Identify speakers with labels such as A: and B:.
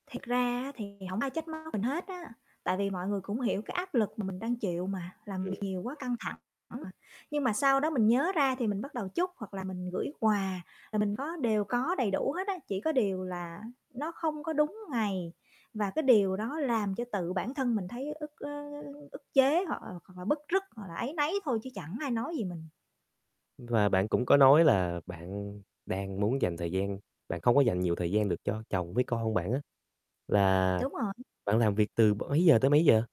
A: Thiệt ra á thì hổng ai trách móc mình hết á, tại vì mọi người cũng hiểu cái áp lực mà mình đang chịu mà, làm việc
B: Ừm.
A: nhiều quá căng thẳng mà. Nhưng mà sau đó mình nhớ ra thì mình bắt đầu chúc hoặc là mình gửi quà, là mình có đều có đầy đủ hết á, chỉ có điều là nó không có đúng ngày và cái điều đó làm cho tự bản thân mình thấy ức, ơ, ơ, ức chế hoặc là hoặc là bứt rứt, hoặc là áy náy thôi chứ chẳng ai nói gì mình.
B: Và bạn cũng có nói là bạn đang muốn dành thời gian bạn không có dành nhiều thời gian được cho chồng với con bạn á, là
A: Đúng rồi.
B: bạn làm việc từ b mấy giờ tới mấy giờ?